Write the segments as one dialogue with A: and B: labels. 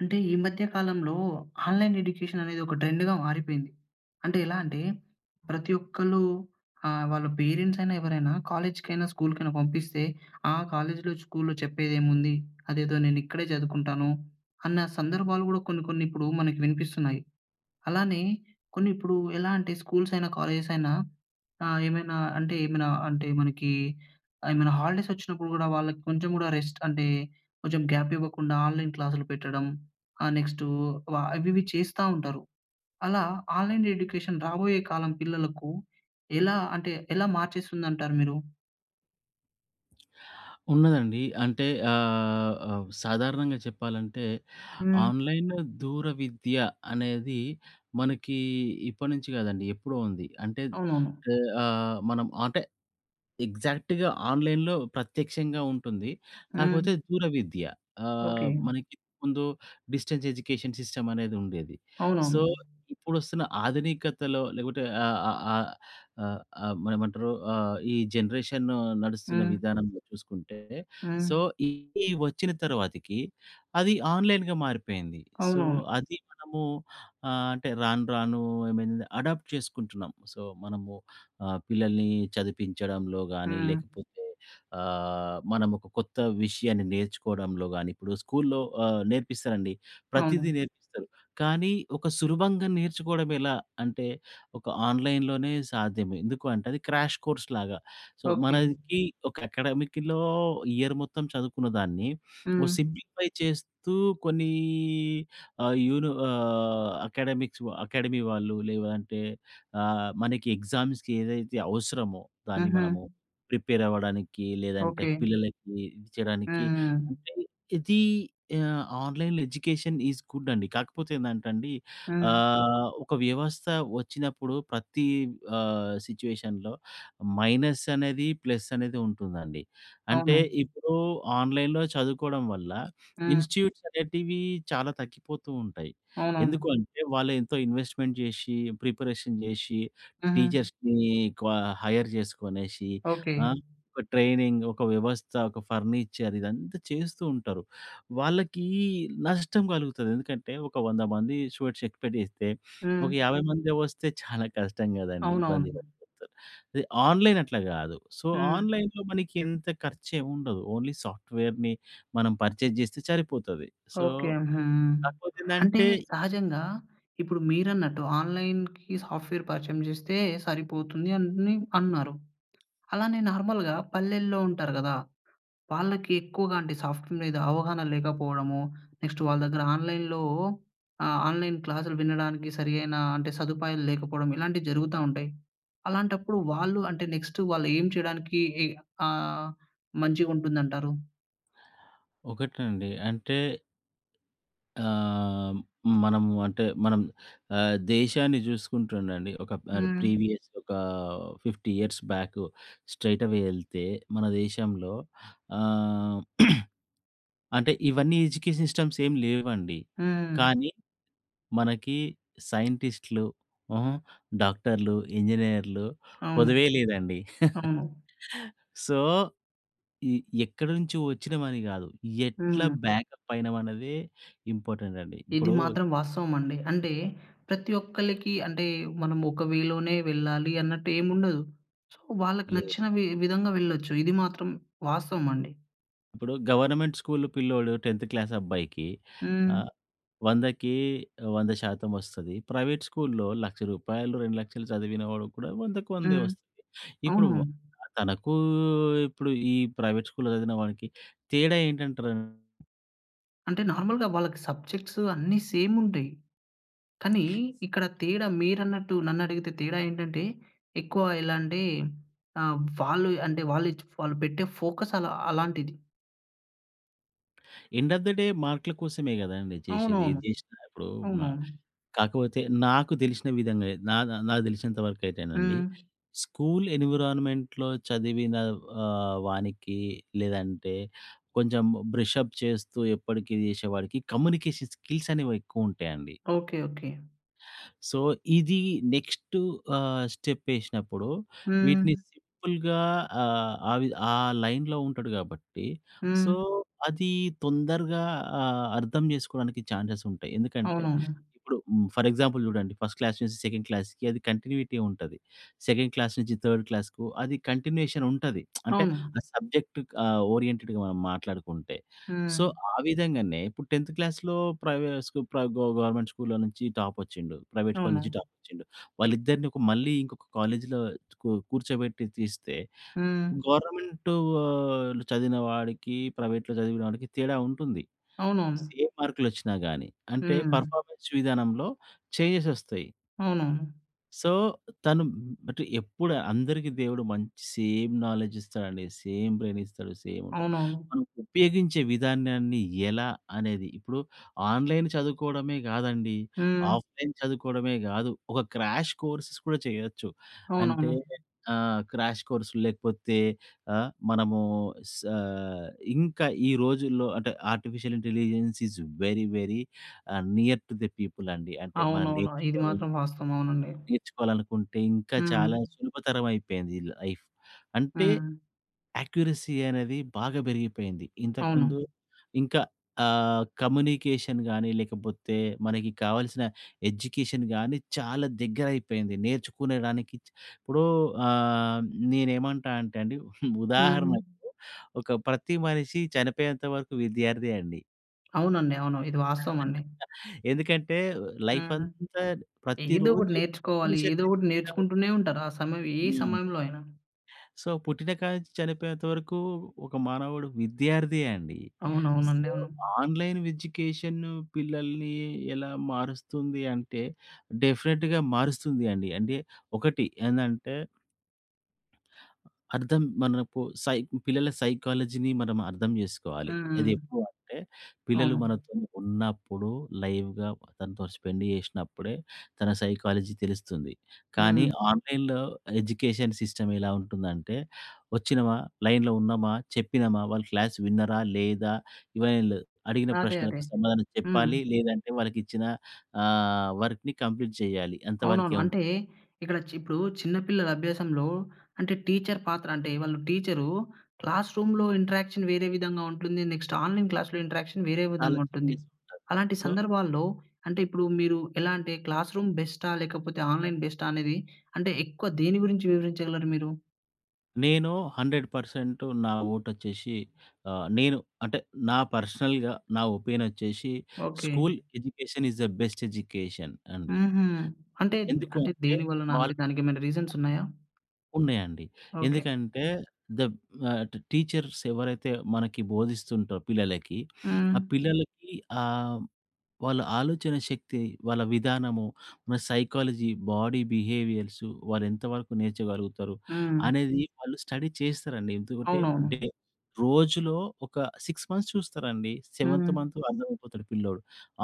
A: అంటే ఈ మధ్య కాలంలో ఆన్లైన్ ఎడ్యుకేషన్ అనేది ఒక ట్రెండ్‌గా మారిపోయింది. అంటే ఎలా అంటే ప్రతి ఒక్కలు ఆహ్, వాళ్ళ పేరెంట్స్ అయినా ఎవరైనా. కాలేజ్‌కైనా స్కూల్‌కైనా పంపిస్తే, ఆ కాలేజీలో స్కూల్‌లో చెప్పేదేముంది. అదేదో నేను ఇక్కడే చదువుకుంటాను అన్న సందర్భాలు గూడా కొన్ని కొన్ని ఇప్పుడు మనకు వినిపిస్తున్నాయి. అలానే కొన్ని ఇప్పుడు ఎలా అంటే స్కూల్స్ అయినా కాలేజెస్ అయినా. ఆహ్, ఏమైనా అంటే ఏమైనా అంటే మనకి ఏమైనా హాలిడేస్ వచ్చినప్పుడు గూడా వాళ్ళకి కొంచెం గూడా రెస్ట్ అంటే కొంచెం గ్యాప్ ఇవ్వకుండా ఆన్లైన్ క్లాస్‌లు పెట్టడం. ఆహ్, నెక్స్టూ వా అవి ఇవి చేస్తా ఉంటారు. అలా ఆన్లైన్ ఎడ్యుకేషన్ రాబోయే కాలం పిల్లలకు ఎలా అంటే ఎలా మార్చేస్తుందంటారు మీరు?
B: ఉన్నదండి. అంటే ఆహ్, ఆహ్, సాధారణంగా చెప్పాలంటే
A: హ్మ్.
B: ఆన్లైన్ దూరవిద్య అనేది. మనకి ఇప్పటినుంచి కాదండి ఎప్పుడో ఉంది. అంటే
A: అవునవును.
B: ఇ ఆహ్, మనం అంటే ఎగ్జాక్ట్‌గా ఆన్లైన్‌లో ప్రత్యక్షంగా ఉంటుంది. కాకపోతే
A: హ్మ్.
B: దూరవిద్య ఆహ్,
A: ఓకే.
B: మనకి ఇంతకు ముందు డిస్టెన్స్ ఎడ్యుకేషన్ సిస్టమ్ అనేది ఉండేది. సో,
A: అవునవును.
B: ఇప్పుడు వస్తున్న ఆధునికతలో లేకపోతే ఆహ్, ఆహ్, ఆహ్, ఆహ్, ఆహ్, మన ఏమంటారు ఆహ్, ఈ జనరేషను నడుస్తున్న
A: హ్మ్.
B: విధానంలో చూసుకుంటే.
A: హ్మ్.
B: సో, ఇది వచ్చిన తర్వాతకి అది ఆన్లైన్‌గా మారిపోయింది. సో,
A: అవునవును.
B: అది మనము ఆహ్, అంటే రాను రాను ఐ మీన్ అడాప్ట్ చేసుకుంటున్నాం. సో, మనము ఆహ్, పిల్లల్ని చదివించడంలో గాని
A: హ్మ్.
B: లేకపోతే ఆహ్, మనం ఒక కొత్త విషయాన్ని నేర్చుకోవడంలో గాని. ఇప్పుడు స్కూల్‌లో ఆహ్, నేర్పిస్తారండి. ప్రతీదీ
A: అవును.
B: నేర్పిస్తారు. కానీ ఒక సులభంగా నేర్చుకోవడం ఎలా అంటే ఒక ఆన్లైన్‌లోనే సాధ్యమే. ఎందుకు అంటే అది క్రాష్ కోర్స్‌లాగా. So,
A: okay.
B: మనకి ఒక అకాడెమిక్‌లో ఇయర్ మొత్తం చదువుకున్న దాన్ని, ఓ
A: హ్మ్.
B: సింప్లిఫై చేస్తూ కొన్నీ ఆహ్, యూని ఆహ్, అకాడెమిక్స్ వ అకాడమీ వాళ్ళు. లేవంటే ఆహ్, మనకి ఎగ్జామ్స్‌కి ఏదైతే అవసరమో, దాన్ని
A: హుహు.
B: మనము ప్రిపేర్ అవ్వడానికి. లేదంటే
A: ఓకే.
B: పిల్లలకి ఇది చేయడానికి
A: హుహు.
B: అంటే, ఇది ఆహ్, ఆన్లైన్ ఎడ్యుకేషన్ ఈస్ గుడ్ అండి. కాకపోతే ఏందంటే అండి.
A: హ్మ్.
B: ఆహ్, ఒక వ్యవస్థ వచ్చినప్పుడు. ప్రతి ఆహ్, సిట్యుయేషన్‌లో మైనస్ అనేది, ప్లస్ అనేది ఉంటుందండి. అంటే
A: అవును.
B: ఇప్పుడు ఆన్లైన్‌లో చదువుకోవడం వల్ల.
A: హ్మ్.
B: ఇన్‌స్టి‌ట్యూట్స్ అనేటివి చాలా తగ్గిపోతూ ఉంటాయి.
A: అవునవును.
B: ఎందుకు అంటే, వాళ్ళు ఎంతో ఇన్వెస్ట్‌మెంట్ జేశి, ప్రిపరేషన్ జేశి.
A: హుహు.
B: టీచర్స్‌ని క్వ హైర్ చేసుకొనేసి.
A: ఓకే.
B: ఆ! ఒక ట్రైనింగ్, ఒక వ్యవస్థ, ఒక ఫర్నిచర్ ఇదంతా చేస్తూ ఉంటారు. వాళ్ళకి నష్టం కలుగుతది. ఎందుకంటే ఒక 100 మంది స్టూడెంట్స్ ఎక్స్‌పెక్ట్ చేస్తే, ఒక
A: హ్మ్.
B: 50 మంది వస్తే చాలా కష్టం కదండీ. ఇబ్బంది
A: అవునవును.
B: [unintelligible] ఆన్లైన్ అట్లా గాదు. సో,
A: హ్మ్.
B: ఆన్లైన్‌లో మనకి ఇంత ఖర్చు ఏం ఉండదు. ఓన్లీ సాఫ్ట్‌వే‌ర్‌ని మనం పర్చేజ్ చేస్తే సరిపోతది. So,
A: okay. హుహు.
B: కాకపోతే
A: అంటే
B: ఏందంటే
A: సహజంగా ఇప్పుడు మీరన్నట్టు ఆన్లైన్‌కి సాఫ్ట్‌వేర్ పరిచయం చేస్తే సరిపోతుంది అని అన్నారు. అలానే నార్మల్‌గా పల్లెల్లో ఉంటారు గదా! వాళ్ళకి ఎక్కువగా అంటే సాఫ్ట్‌వేర్ మీద అవగాహన లేకపోవడము. నెక్స్ట్ వాళ్ళ దగ్గర ఆన్లైన్‌లో ఆహ్, ఆన్లైన్ క్లాసులు వినడానికి సరైన అంటే సదుపాయాలు లేకపోవడం. ఇలాంటివి జరుగుతా ఉంటాయి. అలాంటప్పుడు వాళ్ళు అంటే నెక్స్ట్ వాళ్ళు ఏం చేయడానికి ఇ ఆహ్, మంచిగుంటుందంటారు?
B: ఒకటండి అంటే ఆహ్, మనము అంటే మనం ఆహ్, దేశాన్ని చూసుకుంటు ఉండండి. ఒక పర్
A: హ్మ్.
B: ప్రీవియస్ ఒకా 50 ఇయర్స్ బ్యాకు. స్ట్రెయిట్ అవే యేళ్తే, మన దేశంలో ఆహ్, అంటే ఇవన్నీ ఎడ్యుకేషన్ సిస్టమ్స్ ఏం లేవండి.
A: హ్మ్.
B: కానీ మనకి సైంటిస్టులు, హుహు. డాక్టర్లు, ఇంజనీర్లు
A: అవును.
B: కొదువే లేదండి.
A: అవును.
B: సో, ఇ ఎక్కడి నుంచి వచ్చినమని కాదు. ఎట్లా
A: హుహు.
B: బ్యాకప్ అయినం అన్నదే ఇంపార్టెంట్ అండి.
A: ఇది
B: ఇప్పుడూ
A: మాత్రం వాస్తవం అండి. అంటే ప్రతి ఒక్కళ్లకి అంటే, మనం ఒక వేలోనే వెళ్ళాలి అన్నట్టు ఏం ఉండదు. సో, వాళ్ళకి
B: లేవు.
A: నచ్చిన వి విధంగా వెళ్ళొచ్చు. ఇది మాత్రం వాస్తవం అండి.
B: ఇప్పుడు గవర్నమెంట్ స్కూల్ పిల్లోడు 10థ్ క్లాస్ అబ్బాయికి.
A: హ్మ్.
B: ఆహ్, 100కి 100 శాతం వస్తది. ప్రైవేట్ స్కూల్‌లో రూ. 1,00,000 2,00,000 చదివిన వాడు కూడా 100కు వందే
A: హ్మ్.
B: వస్తది. ఇప్పుడు
A: అవును.
B: వ తనకూ, ఇప్పుడు ఈ ప్రైవేట్ స్కూల్‌లో చదివిన వాడికి తేడా ఏంటంటరు?
A: అంటే నార్మల్‌గా వాళ్ళకి సబ్జెక్ట్స్ అన్ని సేమ్ ఉంటాయి. కానీ ఇక్కడ తేడా మీరన్నట్టు నన్ను అడిగితే తేడా ఏంటంటే, ఎక్కువ ఇలాంటి ఆహ్, వాళ్ళు అంటే వాళ్ళు ఇచ్ వాళ్ళు పెట్టే ఫోకస్ అలా అలాంటిది.
B: ఎండ్ ఆఫ్ ద డే మార్కుల కోసమే కదండీ చేసేది.
A: అవునవును.
B: ఏది చేసినా ఇప్పుడు మ
A: అవును.
B: కాకపోతే నాకు తెలిసిన విధంగా, నా నాకు తెలిసినంత వరకు అయితేనండి,
A: హ్మ్.
B: స్కూల్ ఎన్విరాన్‌మెంట్‌లో చదివిన ఆహ్, వానికి, లేదంటే కొంచెం బ్రషప్ చేస్తూ, ఎప్పటికీ చేసేవాడికి కమ్యూనికేషన్ స్కిల్స్ అనేవి ఎక్కువుంటాయండి.
A: ఓకే. ఓకే.
B: సో, ఇది నెక్స్ట్ ఆహ్, స్టెప్ యేసినప్పుడు. వీటిని
A: హ్మ్.
B: సింపుల్‌గా ఆహ్, ఆ విధ ఆ లైన్‌లో ఉంటాడు కాబట్టి, సో,
A: హ్మ్.
B: అది తొందరగా ఆహ్, అర్థం చేసుకోవడానికి ఛాన్సెస్ ఉంటాయి. ఎందుకంటే,
A: అవునవును.
B: ఇప్పుడు ఫర్ ఎగ్జాంపుల్ చూడండి. ఫస్ట్ క్లాస్ నుంచి సెకండ్ క్లాస్‌కి అది కంటిన్యూటీ ఉంటది. సెకండ్ క్లాస్ నుంచి థర్డ్ క్లాస్‌కు అది కంటిన్యూయేషన్ ఉంటది. అంటే
A: అవును.
B: ఆ సబ్జెక్ట్ ఆహ్, ఓరియెంటెడ్‌గా మనం మాట్లాడుకుంటే. సో,
A: హ్మ్.
B: ఆ విధంగానే ఇప్పుడు 10థ్ క్లాస్‌లో ప్రేవే స్కూ ప్ర గ గ గవర్నమెంట్ స్కూల్‌లో నుంచి టాపొచ్చిండు. ప్రైవేట్ స్కూల్ నుంచి
A: అవును.
B: టాపొచ్చిండు. వాళ్ళిద్దరిని ఒక మళ్ళీ ఇంకొక కాలేజ్‌లో కూ కూర్చోబెట్టి తీస్తే,
A: హ్మ్.
B: గవర్నమెంటు ఆహ్, చదివిన వాడికి, ప్రైవేట్‌లో చదివిన వాడికి తేడా ఉంటుంది.
A: అవునవును.
B: ఏ మార్కులొచ్చినా గాని. అంటే
A: హ్మ్.
B: పర్‌ఫా‌మె‌న్స్ విధానంలో చెంజెస్ వస్తాయి.
A: అవునవును.
B: సో, తను అంటె ఎప్పుడు అందరికీ దేవుడు మంచి సేమ్ నాలెడ్జ్ ఇస్తాడండి. సేమ్ బ్రెయిన్ ఇస్తాడు, సేమ్ ఉంటది.
A: అవునవును.
B: మనం ఉపయోగించే విధానాన్ని ఎలా అనేది ఇప్పుడు ఆన్‌లైన్ చదువుకోవడమే కాదండి.
A: హ్మ్.
B: ఆఫ్‌లైన్ చదువుకోవడమే కాదు. ఒక క్రాష్ కోర్సెస్ కూడా చేయొచ్చు. అంటే
A: అవునవును.
B: ఆ! క్రాష్ కోర్స్ లేకపోతే. ఆ! మనమూ సా ఇంకా ఈ రోజుల్లో అంటే artificial intelligence is very, very uh, near to the people అండి. అంటే మనం
A: అవునవును. ఇది
B: నేర్చుకో...
A: మాత్రం వాస్తవం. అవునండి.
B: నేర్చుకోవాలనుకుంటే ఇంకా చాలా
A: హ్మ్.
B: సులభతరమైపోయింది ఈ లైఫ్. అంటే,
A: హ్మ్.
B: యాక్యురసీ అనేది బాగా పెరిగిపోయింది. ఇంతకుముందు
A: అవును.
B: ఇంకా ఆహ్, కమ్యూనికేషన్ గాని, లేకపోతే మనకి కావాల్సిన ఎడ్యుకేషన్‌ గాని చాలా దగ్గరైపోయింది. నేర్చుకునేడానికి ఇప్పుడూ ఆహ్, నేనేమంటానంటే అండి. ఉదాహరణకు
A: హ్మ్.
B: ఒక ప్రతి మనిషి చనిపోయేంత వరకు విద్యార్దే అండి.
A: అవునండి. అవును. ఇది వాస్తవం అండి.
B: ఎందుకంటే, లైఫ్
A: హ్మ్.
B: అంతా
A: ఏదో ఒకటి
B: ప్రతిరోజు ఏదో
A: నేర్చుకోవాలి.
B: విషయం
A: ఏదో ఒకటి
B: నేర్చుకుంటా ఉ
A: నేర్చుకుంటూనే ఉంటారు. ఆ సమయంలో ఏ
B: హ్మ్.
A: సమయంలో అయినా.
B: సో, పుట్టినకాడి నుంచి చనిపోయేంత వరకూ, ఒక మానవుడు విద్యార్దే అండి. సో,
A: అవునవునండీ .అవును.
B: ఆన్‌లైన్ ఎడ్యుకేషన్ పిల్లల్ని ఎలా మారుస్తుంది అంటే, డెఫినిట్‌గా మారుస్తుందండి. అంటే ఒకటి ఎందంటే... అర్థం మనపు సై పిల్లల సైకాలజీని మనం అర్థం చేసుకోవాలి.
A: హుహు.
B: అది ఎప్పుడు అంటే, పిల్లలు
A: అవును.
B: మనతో ఉన్నప్పుడు లైవ్‌గా తనతో స్పెండ్ చేసినప్పుడే, తన సైకాలజీ తెలుస్తుంది. కానీ,
A: హ్మ్.
B: ఆన్‌లైన్‌లో ఎడ్యుకేషన్ సిస్టమ్ ఎలా ఉంటుందంటే వచ్చినమా, లైన్‌లో ఉన్నామా, చెప్పినమా, వాళ్ళు క్లాస్ విన్నరా లేదా! ఇవన్ని లేదు. అడిగిన
A: అదే, అదే.
B: ప్రశ్నలకు సమాధానం
A: హ్మ్.
B: చెప్పాలి. లేదంటే, వాళ్ళకి ఇచ్చిన ఆహ్, వర్క్‌ని కంప్లీట్ చేయాలి అంత వరకే
A: అవునవును.
B: ఉం
A: అంటే, ఇక్కడ చి ఇప్పుడు చిన్న పిల్లల అభ్యాసంలో, అంటే టీచర్ పాత్ర అంటే, వాళ్ళు టీచరూ క్లాస్ రూమ్‌లో ఇంటరాక్షన్ వేరే విధంగా ఉంటుంది. నెక్స్ట్ ఆన్‌లైన్
B: అ
A: క్లాస్‌లో ఇంటరాక్షన్ వేరే
B: చాలా
A: విధంగా ఉంటుంది.
B: చేంజెస్ ఉంటది.
A: అలాంటి
B: సో
A: సందర్భాల్లో అంటే, ఇప్పుడు మీరు ఎలా అంటే క్లాస్ రూమ్ బెస్టా? లేకపోతే ఆన్‌లైన్ బెస్టా? అనేది అంటే ఎక్కువ దేని గురించి వివరించగలరు మీరు?
B: నేను 100% నా ఓటొచ్చేసి ఆహ్, నేను అంటే, నా పర్సనల్‌గా నా ఒపీనొచ్చేషి
A: okay.
B: School education is a best education అండి.
A: హుహు. అంటే, ద్
B: ఎందుకు
A: అంటే
B: అంటే,
A: దేనివలన
B: వాళ్
A: అంటే, దానికేమన్నా రీజన్సున్నాయా?
B: ఉన్నయండి.
A: ఓకే.
B: ఎందుకంటే, దబ్ ఆహ్, ట్ టీచర్స్ ఎవరైతే మనకి బోధిస్తుంటరో పిల్లలకి. ఆ
A: హ్మ్.
B: పిల్లలకి ఆహ్, హ్మ్. వాళ్ళ ఆలోచన శక్తి, వాళ్ళ విధానము, మ సైకాలజీ, బాడీ బిహేవియర్సు, వాళ్ళేంత వరకు నేర్చగలుగుతారు,
A: హ్మ్.
B: అనేది వాళ్ళు స్టడీ చేసేశారండి. ఎందుకంటే,
A: అవునవును.
B: డే రోజులో ఒక 6 మంత్స్ చూస్తారండి, సెవెంత్
A: హ్మ్.
B: మంతు అర్థమైపోతాడు పిల్లోడు.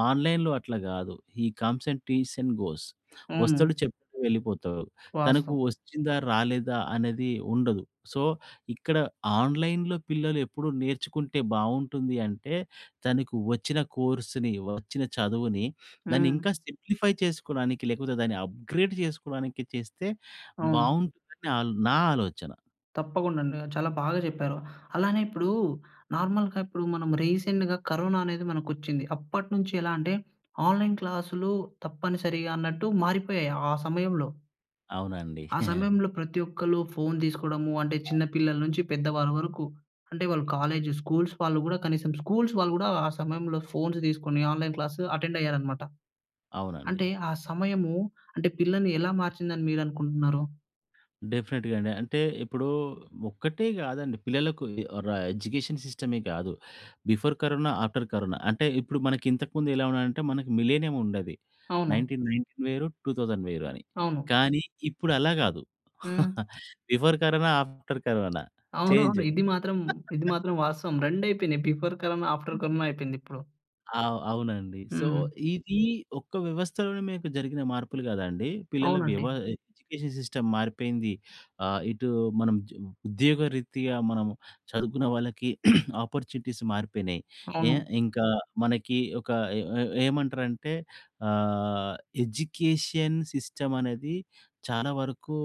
B: ఆన్‌లైన్‌లో అట్లా గాదు, he comes and, teaches and goes వస్తడు,
A: అవును.
B: చెప్తడు, వెళ్ళిపోతా తనకు
A: వాస్తవం.
B: వచ్చిందా, రాలేదా అనేది ఉండదు. సో, ఇక్కడ ఆన్‌లైన్‌లో పిల్లలెప్పుడు నేర్చుకుంటే బావుంటుంది అంటే, తనకు వచ్చిన కోర్సుని, వచ్చిన చదువుని,
A: హ్మ్.
B: దాన్నింకా సింప్లిఫై చేసుకోడానికి, లేకపోతే దాన్ని అప్‌గ్రేడ్ చేసుకోవడానికి చేస్తే
A: అవును.
B: బావుంటుందని ఆల్ నా ఆలోచన.
A: తప్పకుండ అండి. చాలా బాగా చెప్పారు. అలానే ఇప్పుడు నార్మల్‌గా ఇప్పుడు మనం రీసెంట్‌గా కరోనా అనేది మనకొచ్చింది. అప్పటి నుంచి ఎలా అంటే, ఆన్‌లైన్ క్లాస్‌లు తప్పనిసరిగా అన్నట్టు మారిపోయాయి ఆ సమయంలో.
B: అవునండి.
A: ఆ సమయంలో ప్రతి ఒక్కళ్ళు ఫోన్ తీసుకోవడము. అంటే, చిన్న పిల్లల నుంచి పెద్ద వారి వరకు. అంటే వాళ్ళు కాలేజు స్కూల్స్ వాళ్ళు గూడా కనీసం, స్కూల్స్ వాళ్ళు గూడా ఆ సమయంలో ఫోన్స్ తీసుకొని, ఆన్‌లైన్ క్లాస్ అటెండ్ అయ్యారనమాట.
B: అవునండి.
A: అంటే, ఆ సమయము అంటే పిల్లల్ని ఎలా మార్చింది అని మీరు అనుకుంటున్నారు?
B: డెఫినిట్‌గా అండి. అంటే ఇప్పుడు ఒక్కటే గాదండి. పిల్లలకు ఇది ర ఎడ్యుకేషన్ సిస్టమే కాదు. Before corona, after corona. అంటే ఇప్పుడు మనకి ఇంతకు ముందు ఎలా ఉన్నాదంటే, మనకి మిలినియం ఉండేది.
A: అవును.
B: 1919 వేరు. 2000 వేరు అని.
A: అవును.
B: కానీ ఇప్పుడు అలా కాదు.
A: హ్మ్.
B: Before corona, after corona change.
A: అవునవును. ఇది మాత్రం ఇది మాత్రం వాస్తవం. 2 అయిపోయినాయి. బిఫోర్ కరోనా, ఆఫ్టర్ కరోనా అయిపోయింది ఇప్పుడు.
B: అవ్ అవునండి. సో,
A: హ్మ్.
B: ఇది ఒక్క వ్యవస్థలోనే మీకు జరిగిన మార్పులు కాదండి. పిల్లల వ్యవ
A: అవునండి.
B: ఎడ్యుకేషన్ సిస్టమ్ మారిపోయింది. ఆహ్, ఇటు మనం జ్ ఉద్యోగరీతగా మనం చదువుకున్న వాళ్ళకి ఆపార్చునిటీస్ మారిపోయినాయి. ఏ
A: అవును.
B: ఇంకా మనకి ఒక ఎ ఎ ఏమంటారంటే ఆహ్, ఎడ్యుకేషన్ సిస్టమ్ అనేది, చాలా వరకు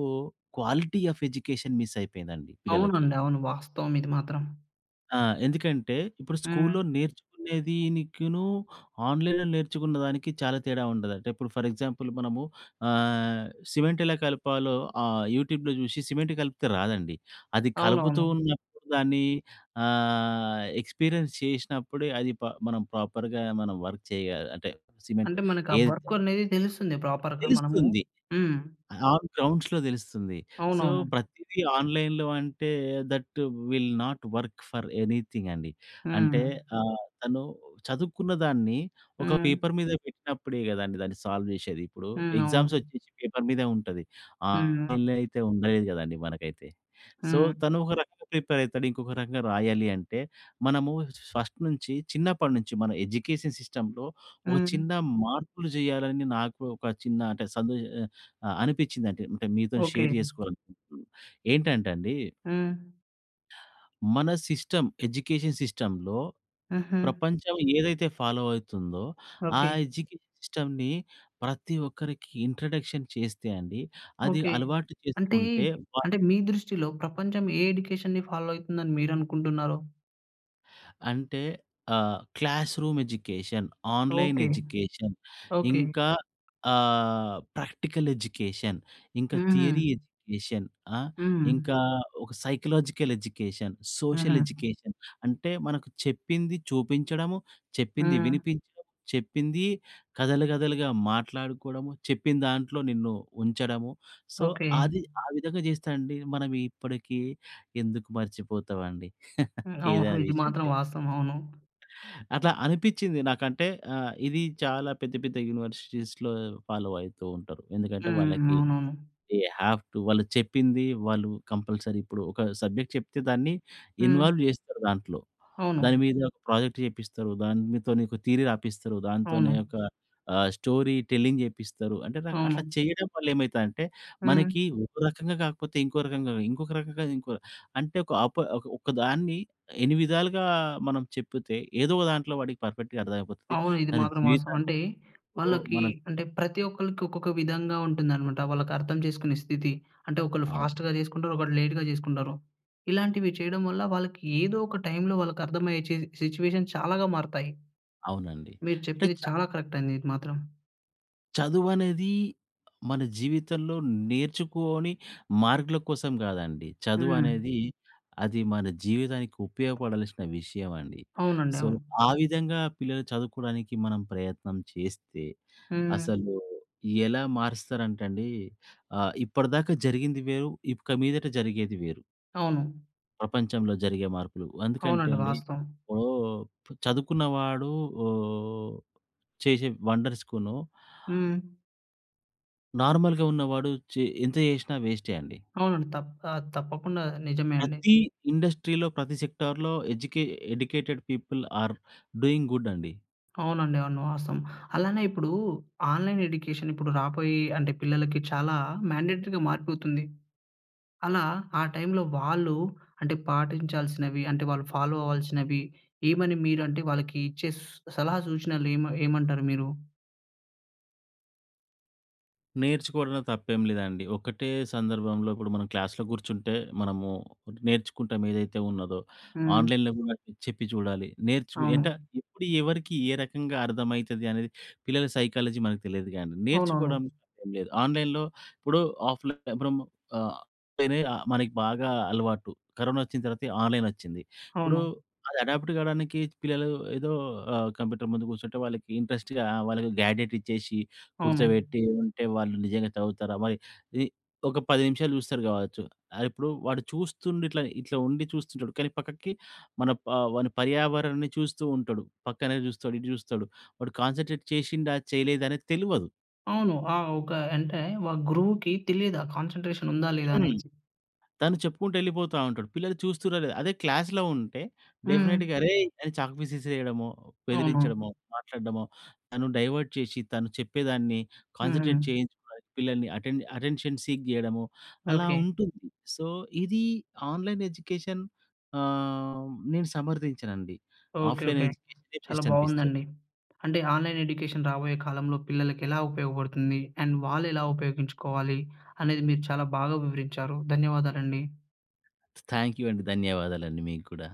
B: క్వాలిటీ ఆఫ్ ఎడ్యుకేషన్ మిస్ అయిపోయిందండి పిల్లలకి.
A: అవునండి. అవును. వాస్తవం ఇది మాత్రం.
B: ఆ! ఎందుకంటే ఇప్పుడు
A: హ్మ్.
B: స్కూల్‌‌లో నేర్చుకునేదినికిను ఆన్‌లైన్‌లో నేర్చుకున్నదానికి చాలా తేడా ఉండదంటే ఇప్పుడు ఫర్ ఎగ్జాంపుల్ మనము ఆహ్, సిమెంట్ ఎలా కలపాలో ఆహ్, యూట్యూబ్‌లో చూశి సిమెంట్ కలిపితే రాదండి. అది కలుపుతూ
A: అవునవును.
B: ఉన్నప్పుడు దాన్ని ఆహ్, ఎక్స్‌పీరియన్స్ చేసినప్పుడే అది ప మనం ప్రాపర్‌గా మనం వర్క్ చేయా అంటే సిమెంట్
A: అంటే మనకు ఆ
B: ఏ
A: వర్క్ అనేది తెలుస్తుంది. ప్రాపర్‌గా మనము
B: తెలుస్తుంది.
A: హ్మ్.
B: ఆన్ గ్రౌండ్స్‌లో తెలుస్తుంది. సో,
A: అవునవును.
B: ప్రతీదీ ఆన్‌లైన్‌లో అంటే that will not work for anything అండి. అంటే
A: హ్మ్.
B: ఆహ్, తను చదువుకున్న దాన్ని ఒక
A: హ్మ్.
B: పేపర్ మీద పెట్టినప్పుడే కదండీ, దాన్ని సాల్వ్ చేసేది. ఇప్పుడు
A: హ్మ్. అవును.
B: ఎగ్జామ్స్ వచ్చేసి పేపర్ మీదే ఉంటది.
A: హ్మ్.
B: ఆన్‌లైన్‌లో అయితే ఉండదు కదండీ మనకైతే. సో,
A: హ్మ్.
B: తను ఒక రకంగా ప్రిపేర్ అవుతాడు. ఇంకొక రకంగా రాయాలి అంటే మనము ఫస్ట్ నుంచి చిన్నప్పటినుంచి మన ఎడ్యుకేషన్ సిస్టమ్‌లో ఒక
A: హ్మ్.
B: చిన్న మార్పులు చెయ్యాలని నాకు ఒక చిన్న అంటే సందే ఆహ్, అనిపించిందండి అంటే మీతో షేర్
A: ఓకె.
B: చేసుకోవాలనుకుంటున్నాను. ఏంటంటే అండి
A: హ్మ్.
B: మన సిస్టమ్, ఎడ్యుకేషన్ సిస్టమ్‌లో
A: హుహు.
B: ప్రపంచం ఏదైతే ఫాలో అవుతుందో ఆ
A: ఓకె.
B: ఎడ్యుకేషన్ సిస్టమ్‌ని ప్రతి ఒక్కరికి ఇంట్రడక్షన్ చేస్తే అండి అది
A: ఓకె.
B: అలవాటు
A: అంటే,
B: చేసుకుంటే వా
A: అంటే మీ దృష్టిలో ప్రపంచం ఏ ఎడ్యుకేషన్‌ని ఫాలో అవుతుందని మీరనుకుంటున్నారో?
B: అంటే ఆహ్, classroom education, online
A: okay.
B: Education,
A: okay.
B: ఇంకా ఆహ్, ప్రాక్టికల్ ఎడ్యుకేషన్, ఇంక
A: హుహు.
B: థియరీ ఎడ్యుకేషన్, ఆహ్,
A: హ్మ్.
B: ఇంకా ఒక సైకలాజికల్ ఎడ్యుకేషన్, సోషల్
A: హుహు.
B: ఎడ్యుకేషన్, అంటే మనకు చెప్పింది చూపించడము, చెప్పింది
A: హ్మ్.
B: వినిపించడం. చెప్పింది కథలు కథలుగా మాట్లాడుకోవడము. చెప్పిందాంట్లో నిన్ను ఉంచడము. So,
A: okay.
B: అది ఆ విధంగా చేస్తే అండి మనం ఇప్పటికి ఎందుకు మర్చిపోతామండి. ఏదైనా
A: అవును. ఇది
B: విషయం
A: మాత్రం
B: చెప్తే
A: వాస్తవం. అవును.
B: అట్లా అనిపించింది. నాకంటే ఆహ్, ఇది చాలా పెద్ద, పెద్ద యూనివర్సిటీస్‌లో ఫాలో అయితూ ఉంటారు. ఎందుకంటే,
A: హ్మ్.
B: వాళ్ళకి
A: అవునవును.
B: దె హావ్ టు వాళ్ళు చెప్పింది వాళ్ళు కంపల్సరీ ఇప్పుడు ఒక సబ్జెక్ట్ చెప్తే దాన్ని
A: హ్మ్.
B: ఇన్వాల్వ్ చేస్తారు దాంట్లో. దాని
A: అవును.
B: మీద ఒక ప్రాజెక్ట్ చేపిస్తారు. దానితో నీకు థియరీ రాపిస్తారు. దాంతోనే
A: అవును.
B: ఒక ఆహ్, స్టోరీ టెల్లింగ్ చేపిస్తారు. అంటే, న అట్లా
A: అవును.
B: చేయడం వల్ల ఏమైతదంటే,
A: హ్మ్.
B: మనకి ఒక రకంగా కాకపోతే ఇంకో రకంగా, ఇంకొక రకంగా ఇంకో అంటే, ఒక అప ఒకదాన్ని ఎన్ని విధాలుగా మనం చెప్తే ఏదో ఒక దాంట్లో, వాడికి పర్ఫెక్ట్‌గా అర్థమైపోతది.
A: అవును ఇది
B: తన
A: మాత్రం వాస్తవం.
B: జీవితాన్ని
A: అంటే,
B: ఇప్పుడు
A: వాళ్ళకి
B: మనం
A: అంటే ప్రతి ఒక్కళ్ళకి ఒక్కొక్క విధంగా ఉంటుందన్నమాట. వాళ్ళకి అర్థం చేసుకునే స్థితి. అంటే, ఒకళ్ళు
B: అవ్
A: ఫాస్ట్‌గా చేసుకుంటారు. ఒకరు లేట్‌గా చేసుకుంటారు. ఇలాంటివి చేయడం వల్ల వాళ్ళకి ఏదో ఒక టైంలో వాళ్ళకి అర్థమయ్యే చే సిట్యుయేషన్ చాలాగా మారుతాయి.
B: అవునండి.
A: మీరు
B: అంటే
A: చెప్పింది
B: చ
A: చాలా కరెక్ట్ అండి. ఇది మాత్రం.
B: చదువనేది మన జీవితంలో నేర్చుకొని, మార్కుల కోసం కాదండి.
A: హ్మ్.
B: చదువనేది అది మన జీవితానికి ఉపయోగపడాల్సిన విషయమండి.
A: అవునండి.
B: సో,
A: అవును.
B: ఆ విధంగా పిల్లలు చదువుకోడానికి మనం ప్రయత్నం చేస్తే
A: హ్మ్.
B: అసలు ఎలా మారుస్తారంటండి ఆహ్, ఇప్పటిదాకా జరిగింది వేరు. ఇక మీదట జరిగేది వేరు.
A: అవును.
B: ప్రపంచంలో జరిగే మార్పులు అందుకంటే
A: అవునండి.
B: అండి.
A: వాస్తవం.
B: ఇప్పుడూ చదువుకున్నవాడు ఓహ్! చేసే వండర్స్‌కూను...
A: హ్మ్.
B: నార్మల్‌గా ఉన్నవాడు చె ఎంత చేసినా వేస్టే అండి.
A: అవునండి. తప్ప ఆహ్, తప్పకుండా నిజమే అండి.
B: ప్రతీ ఇండస్ట్రీలో ప్రతి సెక్టార్‌లో ఎడ్యుకే educated people are doing good అండి.
A: అవునండి. అవును. వాస్తవం. అలానే ఇప్పుడు ఆన్‌లైన్ ఎడ్యుకేషన్ ఇప్పుడు రాబోయే అంటే పిల్లలకి చాలా మ్యాన్‌డేటరీగా మారిపోతుంది. అలా ఆ టైమ్‌లో వాళ్ళూ అంటే పాటించాల్సినవి, అంటే వాళ్ళు ఫాలో అవ్వాల్సినవి ఏమని మీరు అంటే వాళ్ళకి ఇచ్చే సూ సలహా సూచనలు ఏమ్ ఏమంటారు మీరు?
B: నేర్చుకోవడంలో తప్పేంలేదండి. ఒకటే సందర్భంలో ఇప్పుడు మనం క్లాస్‌లో కూర్చుంటే మనము నేర్చుకుంటాం ఏదైతే ఉన్నదో.
A: హ్మ్.
B: ఆన్‍లైన్‍లో కూడా చెప్పి చూడాలి. నేర్చు అంట
A: అవును.
B: ఎప్పుడు ఎవరికి, ఏ రకంగా అర్థమైతదనేది పిల్లల సైకాలజీ మనకు తెలియదు. కానీ,
A: అవునవును.
B: నేర్చుకోవడానికి తప్పేం లేదు. ఆన్‍లైన్‍లో ఇప్పుడు ఆఫ్‍లైన్ ఇప్పుడు మ్ అ పెనే ఆహ్, మనకి బాగా అలవాటు. కరోనా వచ్చిన తర్వాత ఆన్‍లైన్ వచ్చింది. ఇప్పుడు
A: అవును.
B: అది అడాప్ట్ కావడానికి పిల్లలు ఏదో ఆహ్, కంప్యూటర్ ముందు కూసుంటే వాళ్ళకి ఇంట్రెస్ట్‌గా వాళ్ళకి గ్యాడెట్ ఇచ్చేసి,
A: అవును.
B: కూర్చోబెట్టి ఉంటే వాళ్ళు నిజంగా చదువుతారా మరి? ఇది ఒక 10 నిమిషాలు చూస్తరు కావచ్చు. ఇప్పుడు వాడు చూస్తుండిట్ల, ఇట్లా ఉండి చూస్తుంటడు. కానీ, పక్కకి మన వాని పర్యావరణాన్ని చూస్తూ ఉంటడు, పక్కనే చూస్తడు, ఇటు చూస్తడు, వాడు కాన్సంట్రేట్ చేసిండా, చేయలేదా అనేది తెలువదు.
A: అవును ఆ! ఒక అంటే ఒక గురువుకి తెలియదు ఆ కాన్సన్‌ట్రేషన్ ఉందా లేదా
B: హ్మ్.
A: అనేసి.
B: తను చెప్పుకుంటూ వెళ్ళిపోతా ఉంటడు, పిల్లలు చూస్తుర్రా లేదా. అదే క్లాస్‌లో ఉంటే
A: హ్మ్.
B: డెఫినిట్‌గా అరేయ్! అని చాక్ పీస్ ఇసిరేయడమో,
A: అవును.
B: బెదిరించడమో, మాట్లాడడమో, తను డైవర్ట్ చేసి, తను చెప్పేదాన్ని
A: ఉహూ.
B: కాన్సంట్రేట్ చేయించుకోవడానికి పిల్లల్ని అటెన్ అటెన్షన్ సీక్ చేయడము అలా
A: ఓకే.
B: ఉంటుంది. సో, ఇది ఆన్‍లైన్ ఎడ్యుకేషన్ ఆహ్, నేను సమర్థించనండి.
A: ఓకే.
B: Offline
A: okay.
B: ఎడ్యుకేషనే
A: చాలా
B: బెస్టనిపిస్తది.
A: బాగుందండి. అంటే ఆన్‌లైన్‌ ఎడ్యుకేషన్ రాబోయే కాలంలో పిల్లలకి ఎలా ఉపయోగపడుతుంది? అండ్ వాళ్ళు ఎలా ఉపయోగించుకోవాలి అనేది మీరు చాలా బాగా వివరించారు. ధన్యవాదాలండి.
B: థ్యాంక్యూ అండి. ధన్యవాదాలండి మీకు కూడా.